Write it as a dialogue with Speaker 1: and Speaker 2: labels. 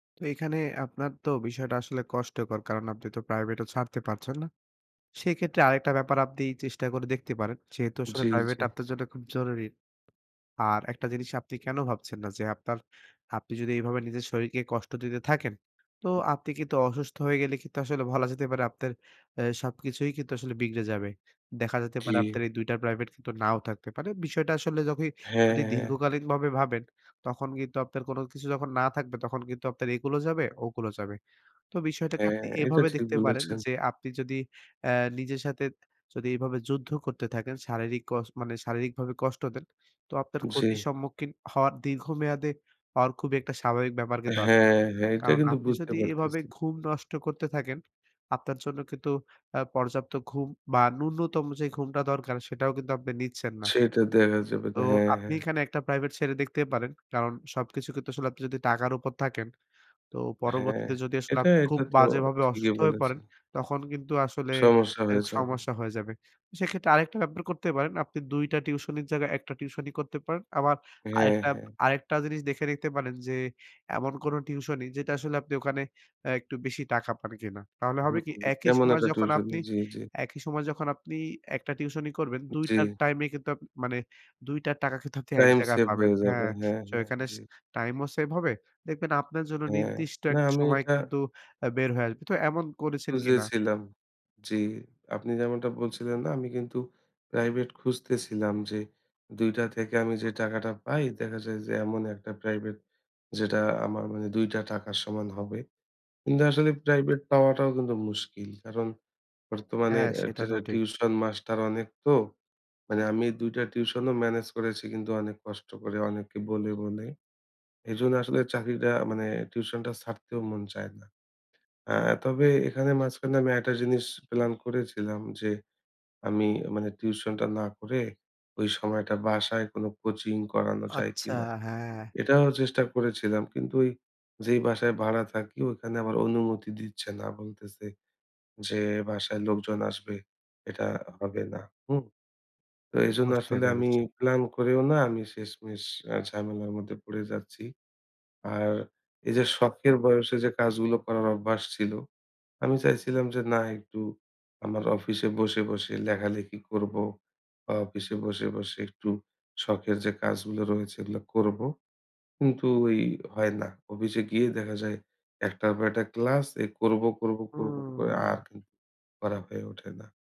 Speaker 1: তো এখানে আপনার তো বিষয়টা আসলে কষ্টকর। কারণ আপনি তো প্রাইভেটও ছাড়তে পারছেন না। সেক্ষেত্রে আরেকটা ব্যাপার আপনি চেষ্টা করে দেখতে পারেন। যেহেতু আসলে
Speaker 2: জ্বী,
Speaker 1: প্রাইভেট
Speaker 2: জ্বী।
Speaker 1: আপনার জন্য খুব জরুরি। আর একটা জিনিস আপনি কেন ভাবছেন না যে, আপনার আপনি যদি এভাবে নিজের শরীরকে কষ্ট দিতে থাকেন। তো আপনি কিন্তু অসুস্থ হয়ে গেলে কিন্তু আসলে বলা যেতে পারে আপনার অ্যাঁ সবকিছুই কিন্তু আসলে বিগড়ে যাবে। দেখা যেতে
Speaker 2: জি।
Speaker 1: পারে আপনার এই ২ টা প্রাইভেট কিন্তু নাও থাকতে পারে। বিষয়টা আসলে
Speaker 2: হ্যাঁ,
Speaker 1: যদি
Speaker 2: হ্যাঁ।
Speaker 1: দীর্ঘকালীনভাবে ভাবেন তখন কিন্তু আপনার কোন কিছু যখন না থাকবে তখন কিন্তু আপনার একুলও যাবে, ওকুলও যাবে। তো বিষয়টাকে
Speaker 2: হ্যাঁ,
Speaker 1: আপনি
Speaker 2: এটা
Speaker 1: এভাবে
Speaker 2: ঠিক
Speaker 1: দেখতে পারেন
Speaker 2: বলেছেন।
Speaker 1: যে, আপনি যদি অ্যাঁ নিজের সাথে যদি এভাবে যুদ্ধ করতে থাকেন, শারীরিক কস মানে শারীরিকভাবে কষ্ট দেন তো আপনার ক্ষতির
Speaker 2: জি।
Speaker 1: সম্মুখীন হওয়ার দীর্ঘমেয়াদে হওয়ার খুব একটা স্বাভাবিক ব্যাপার কিন্তু আছে।
Speaker 2: হ্যাঁ, হ্যাঁ, এটা
Speaker 1: কারণ
Speaker 2: কিন্তু
Speaker 1: আপনি
Speaker 2: বুঝতে
Speaker 1: যদি এভাবে
Speaker 2: পারতেছি।
Speaker 1: ঘুম নষ্ট করতে থাকেন, আপনার জন্য কিন্তু আ পর্যাপ্ত ঘুম বা ন্যূনতম যে, ঘুমটা দরকার সেটাও কিন্তু আপনি নিচ্ছেন না।
Speaker 2: সেটা দেখা যাবে
Speaker 1: তো
Speaker 2: না। হ্যাঁ,
Speaker 1: আপনি
Speaker 2: হ্যাঁ।
Speaker 1: এখানে একটা প্রাইভেট ছেড়ে দেখতেই পারেন। কারণ সবকিছু কিন্তু আসলে আপনি যদি টাকার উপর থাকেন তো
Speaker 2: হ্যাঁ,
Speaker 1: পরবর্তীতে যদি আসলে
Speaker 2: এটা,
Speaker 1: আপনি খুব
Speaker 2: এটা তো
Speaker 1: বাজেভাবে
Speaker 2: ঠিকই
Speaker 1: অসুস্থ হয়ে
Speaker 2: বলেছে।
Speaker 1: পড়েন তখন কিন্তু আসলে
Speaker 2: সমস্যা হয়ে
Speaker 1: এটি
Speaker 2: যাবে।
Speaker 1: সমস্যা হয়ে যাবে। সেক্ষেত্রে আরেকটা ব্যাপার করতে পারেন আপনি ২ টা টিউশনির জায়গায় ১ টা টিউশনি করতে পারেন। আবার
Speaker 2: হ্যাঁ,
Speaker 1: আরেকটা,
Speaker 2: হ্যাঁ।
Speaker 1: আরেকটা জিনিস দেখে নিতে পারেন যে, এমন কোন টিউশনি যেটা আসলে আপনি ওখানে অ্যাঁ একটু বেশি টাকা পান কিনা। তাহলে হবে
Speaker 2: হুম,
Speaker 1: কি
Speaker 2: হুম,
Speaker 1: একই
Speaker 2: এমন
Speaker 1: সময়
Speaker 2: একটা
Speaker 1: যখন
Speaker 2: টিউশনি
Speaker 1: আপনি
Speaker 2: জ্বি, জ্বি।
Speaker 1: একই সময় যখন আপনি একটা টিউশনি করবেন, ২
Speaker 2: জ্বী।
Speaker 1: টার টাইম এ কিন্তু আপনি মানে ২ টার টাকা কিন্তু আপনি এক
Speaker 2: টাইম
Speaker 1: জায়গায়
Speaker 2: সেভ
Speaker 1: পাবেন।
Speaker 2: হয়ে যাবে।
Speaker 1: হ্যাঁ,
Speaker 2: হ্যাঁ,
Speaker 1: সো
Speaker 2: হ্যাঁ।
Speaker 1: এখানে টাইম ও সেভ হবে। দেখবেন আপনার জন্য
Speaker 2: হ্যাঁ,
Speaker 1: নির্দিষ্ট
Speaker 2: না
Speaker 1: একটা
Speaker 2: আমি
Speaker 1: সময়
Speaker 2: এটা।
Speaker 1: কিন্তু বের হয়ে আসবে। তো এমন করেছেন কিনা?
Speaker 2: খুঁজেছিলাম, জি, আপনি যেমনটা বলছিলেন না আমি কিন্তু প্রাইভেট খুঁজতেছিলাম যে, ২ টা থেকে আমি যে, টাকাটা পাই, দেখা যায় যে, এমন ১ টা প্রাইভেট, যেটা আমার মানে ২ টা টাকার সমান হবে। কিন্তু আসলে প্রাইভেট পাওয়াটাও কিন্তু মুশকিল। কারণ বর্তমানে
Speaker 1: হ্যাঁ, সেটা তো
Speaker 2: টেরা
Speaker 1: ঠিক।
Speaker 2: টিউশন মাস্টার অনেক তো। মানে আমি ২ টা টিউশন ও মেনেজ করেছি কিন্তু অনেক কষ্ট করে, অনেকে বলে, বলে। এজন্য আসলে চাকরিটা মানে টিউশন টা ছাড়তেও মন চায় না। আ তবে এখানে মাঝখানে আমি একটা জিনিস প্লান করেছিলাম যে, আমি মানে টিউশন টা না করে ওই সময়টা বাসায় কোন কোচিং করানো যায়
Speaker 1: আচ্ছা,
Speaker 2: কিনা।
Speaker 1: হ্যাঁ।
Speaker 2: এটাও চেষ্টা করেছিলাম। কিন্তু ওই যেই বাসায় ভাড়া থাকি ওখানে আমার অনুমতি দিচ্ছে না। বলতেছে যে, বাসায় লোকজন আসবে এটা হবে না। হুম। তো এজন্য
Speaker 1: বুঝতে
Speaker 2: আসলে আমি
Speaker 1: পেরেছে।
Speaker 2: প্লান করেও না আমি শেষমেষ ঝামেলার মধ্যে পড়ে যাচ্ছি। আর এই যে, শখের বয়সে যে, কাজগুলো করার অভ্যাস ছিল, আমি চাইছিলাম যে, না একটু আমার অফিসে বসে, বসে লেখালেখি করব বা অফিসে বসে, বসে একটু শখের যে, কাজগুলো রয়েছে এগুলো করব। কিন্তু ওই হয় না। অফিসে গিয়ে দেখা যায়, একটার পর একটা ক্লাস এ করব, করব, করব করে
Speaker 1: হুম।
Speaker 2: আর কিন্তু করা হয়ে ওঠে না।